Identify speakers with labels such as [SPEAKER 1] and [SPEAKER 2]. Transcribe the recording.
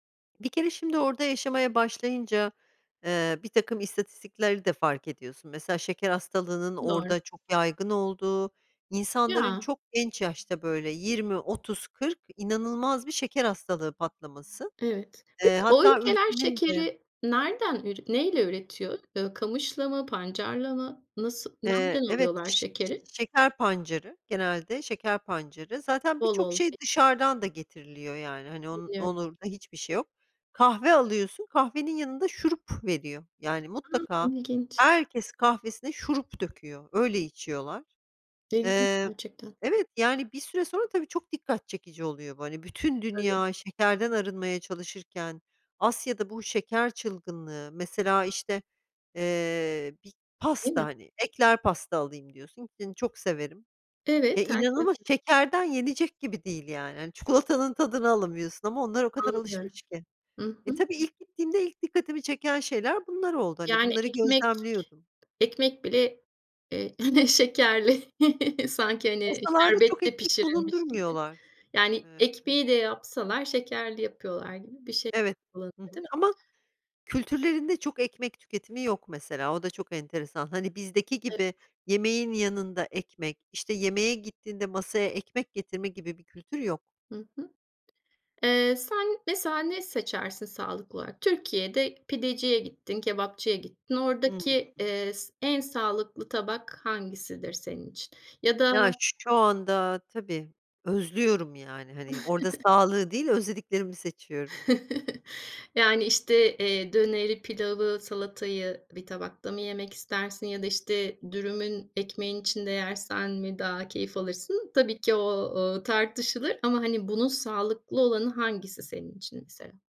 [SPEAKER 1] Bir kere şimdi orada yaşamaya başlayınca, eee, birtakım istatistikleri de fark ediyorsun; mesela şeker hastalığının
[SPEAKER 2] Doğru.
[SPEAKER 1] orada çok yaygın olduğu, insanların
[SPEAKER 2] Ya.
[SPEAKER 1] çok genç yaşta, böyle, 20-30-40; inanılmaz bir şeker hastalığı patlaması.
[SPEAKER 2] Evet. Peki
[SPEAKER 1] Eee
[SPEAKER 2] o
[SPEAKER 1] hatta
[SPEAKER 2] ülkeler
[SPEAKER 1] ülkenin de
[SPEAKER 2] şekeri nereden ür neyle üretiyor? Iıı, kamışla mı, pancarla mı? Nasıl,
[SPEAKER 1] Eee,
[SPEAKER 2] nereden
[SPEAKER 1] evet.
[SPEAKER 2] alıyorlar
[SPEAKER 1] Ş ş
[SPEAKER 2] şekeri?
[SPEAKER 1] şeker pancarı genelde, şeker pancarı zaten,
[SPEAKER 2] Bol
[SPEAKER 1] birçok
[SPEAKER 2] olduğu i
[SPEAKER 1] şey dışarıdan da getiriliyor, yani, hani, onun
[SPEAKER 2] Anlıyorum.
[SPEAKER 1] [unintelligible] hiçbir şey yok. Kahve alıyorsun, kahvenin yanında şurup veriyor, yani,
[SPEAKER 2] A,
[SPEAKER 1] mutlaka
[SPEAKER 2] ilginç.
[SPEAKER 1] herkes kahvesine şurup döküyor, öyle içiyorlar.
[SPEAKER 2] [unintelligible]
[SPEAKER 1] Eee,
[SPEAKER 2] gerçekten.
[SPEAKER 1] evet, yani, bir süre sonra tabii çok dikkat çekici oluyor bu; hani, bütün
[SPEAKER 2] Tabii.
[SPEAKER 1] dünya şekerden arınmaya çalışırken Asya'da bu şeker çılgınlığı. Mesela, işte, eee, bir
[SPEAKER 2] Değil
[SPEAKER 1] pasta,
[SPEAKER 2] mi?
[SPEAKER 1] hani, ekler pasta alayım diyorsun ki, çok severim ya,
[SPEAKER 2] Evet,
[SPEAKER 1] inanılmaz
[SPEAKER 2] herkesin
[SPEAKER 1] şekerden yenecek gibi değil, yani, hani, çikolatanın tadını alamıyorsun ama onlar o kadar
[SPEAKER 2] Anlıyorum.
[SPEAKER 1] alışmış ki.
[SPEAKER 2] Hı
[SPEAKER 1] Eee,
[SPEAKER 2] hı.
[SPEAKER 1] tabii,
[SPEAKER 2] Hı.
[SPEAKER 1] ilk gittiğimde ilk dikkatimi çeken şeyler bunlar oldu, hani,
[SPEAKER 2] Yani
[SPEAKER 1] bunları
[SPEAKER 2] ekmek
[SPEAKER 1] gözlemliyordum.
[SPEAKER 2] ekmek bile, eee, hani, şekerli sanki, hani,
[SPEAKER 1] Masalarda çok
[SPEAKER 2] şerbetle
[SPEAKER 1] ekmek
[SPEAKER 2] pişirilmiş gibi;
[SPEAKER 1] bulundurmuyorlar.
[SPEAKER 2] yani,
[SPEAKER 1] Emm
[SPEAKER 2] ekmeği de yapsalar şekerli yapıyorlar gibi bir şey
[SPEAKER 1] Evet,
[SPEAKER 2] olabilir
[SPEAKER 1] hı hı.
[SPEAKER 2] değil mi?
[SPEAKER 1] Ama kültürlerinde çok ekmek tüketimi yok mesela, o da çok enteresan. Hani, bizdeki
[SPEAKER 2] Evet.
[SPEAKER 1] gibi yemeğin yanında ekmek, işte, yemeğe gittiğinde masaya ekmek getirme gibi bir kültür yok.
[SPEAKER 2] Hı hı. Eee, sen mesela ne seçersin, sağlıklı olarak? Türkiye'de pideciye gittin, kebapçıya gittin. Oradaki,
[SPEAKER 1] Hımm.
[SPEAKER 2] eee, s en sağlıklı tabak hangisidir senin için? Ya da
[SPEAKER 1] Ya şu anda tabii özlüyorum, yani, hani, orada sağlığı değil, özlediklerimi seçiyorum.
[SPEAKER 2] Yani, işte, eee, döneri, pilavı, salatayı bir tabakta mı yemek istersin ya da, işte, dürümün ekmeğin içinde yersen mi daha keyif alırsın? Tabii ki, o o, tartışılır ama, hani, bunun sağlıklı olanı hangisi senin için mesela?